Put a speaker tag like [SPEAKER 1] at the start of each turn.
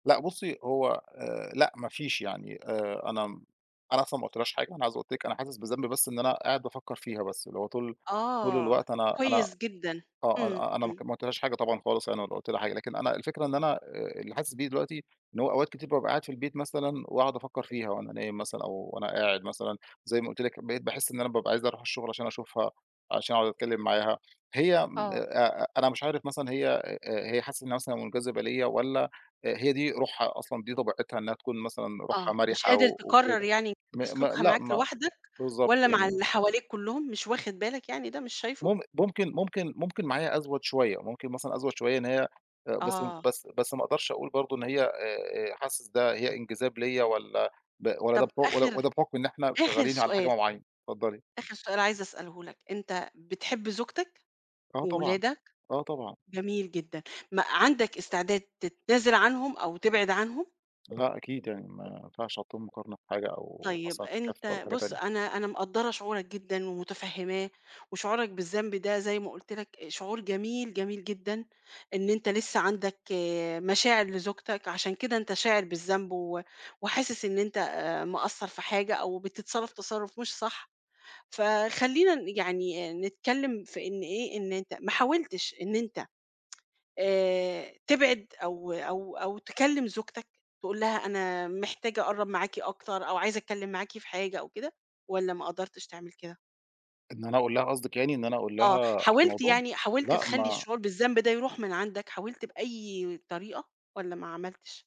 [SPEAKER 1] لأ بُصّي، هو آآ لأ ما فيش. يعني آآ أنا م أنا أصلًا ما قُلتلهاش حاجة، أنا عايز أقول لِك أنا حاسِس بذنب بس إن أنا قاعد بافكّر فيها بس اللي هو طول طول
[SPEAKER 2] آه،
[SPEAKER 1] الوقت أنا أنا
[SPEAKER 2] كويس جدًا.
[SPEAKER 1] آه.
[SPEAKER 2] إمم،
[SPEAKER 1] أن أنا
[SPEAKER 2] إمم.
[SPEAKER 1] ما قُلتلهاش حاجة طبعًا خالص أنا [unintelligible] قُلت لها حاجة، لكن أنا الفكرة إن أنا آآ اللي حاسِس بيه دلوقتي إن هو أوقات كتير بابقى قاعد في البيت مثلًا وأقعد أفكّر فيها وأنا نايم مثلًا أو وأنا قاعد مثلًا، زي ما قُلت لِك بقيت باحِس إن أنا بابقى عايز أروح الشُغل عشان أشوفها، عشان أقعد أتكلّم معاها. هي م
[SPEAKER 2] آه.
[SPEAKER 1] آآ أ أنا مش عارف مثلًا هي آآ هي حاسّة إنّها مثلًا مُنجذِبة ليّا والّا آآ هي دي روحها أصلًا، دي طبيعتها إنّها تكون مثلًا روحها
[SPEAKER 2] آه. مش
[SPEAKER 1] مَرِحة
[SPEAKER 2] قادر
[SPEAKER 1] و
[SPEAKER 2] تقرّر
[SPEAKER 1] وكده.
[SPEAKER 2] يعني
[SPEAKER 1] م م
[SPEAKER 2] سلوكها
[SPEAKER 1] لأ
[SPEAKER 2] معاك
[SPEAKER 1] ما
[SPEAKER 2] لوحدك
[SPEAKER 1] بالضبط.
[SPEAKER 2] والّا مع
[SPEAKER 1] يعني
[SPEAKER 2] اللي حواليك كُلّهم مش واخِد بالك يعني ده مش شايفه؟
[SPEAKER 1] مم ممكن ممكن ممكن معايا أزوَد شوية، ممكن مثلًا أزوَد شوية إن هي آآ بس
[SPEAKER 2] آه.
[SPEAKER 1] بس بس ما أقدرش أقول برضه إن هي آآ حاسِس ده هي انجذاب ليّا والّا ب والّا ده
[SPEAKER 2] طَب
[SPEAKER 1] بح والّا والّا
[SPEAKER 2] آخِر
[SPEAKER 1] ده بحُكم إن إحنا
[SPEAKER 2] آخِر
[SPEAKER 1] شغّالين على حاجة
[SPEAKER 2] سؤال.
[SPEAKER 1] م معيّنة. اتفضّلي.
[SPEAKER 2] آخِر سؤال عايزة أسأله لك، أنت بتحب زوجتك
[SPEAKER 1] آه طبعًا.
[SPEAKER 2] وأولادك؟
[SPEAKER 1] آه طبعًا.
[SPEAKER 2] جميل جدًا، ما عندك استعداد تتنازِل عنهم أو تبعد عنهم؟
[SPEAKER 1] لأ أكيد يعني ما ينفعش أحطُّهم مقارنة في حاجة أو
[SPEAKER 2] طيب
[SPEAKER 1] مثلّا في كَف
[SPEAKER 2] أنت
[SPEAKER 1] ولا حاجة
[SPEAKER 2] بُص،
[SPEAKER 1] تانية.
[SPEAKER 2] أنا أنا مقدّرة شعورك جدًا ومُتفهِّماه وشعورك بالذنب ده زي ما قُلت لك شعور جميل، جميل جدًا إن أنت لسّه عندك مشاعر لزوجتك عشان كده أنت شاعر بالذنب و وحاسِس إن أنت مِقصّر في حاجة أو بتتصرّف تَصرُّف مش صح، فخلّينا ن يعني نتكلّم في إن إيه، إن أنت ما حاولتش إن أنت آآ تبعد أو أو أو تكلّم زوجتك تقول لها أنا محتاج أقرّب معاكِ أكتر أو عايزة أتكلّم معاكِ في حاجة أو كده والّا ما قدرتش تعمل كده؟
[SPEAKER 1] إن أنا أقول لها قصدِك يعني إن أنا أقول لها
[SPEAKER 2] آه.
[SPEAKER 1] على
[SPEAKER 2] حاولت
[SPEAKER 1] الموضوع؟
[SPEAKER 2] يعني حاولت
[SPEAKER 1] لأ،
[SPEAKER 2] تخلّي
[SPEAKER 1] ما
[SPEAKER 2] الشعور بالذنب ده يروح من عندك، حاولت بأي طريقة والّا ما عملتش؟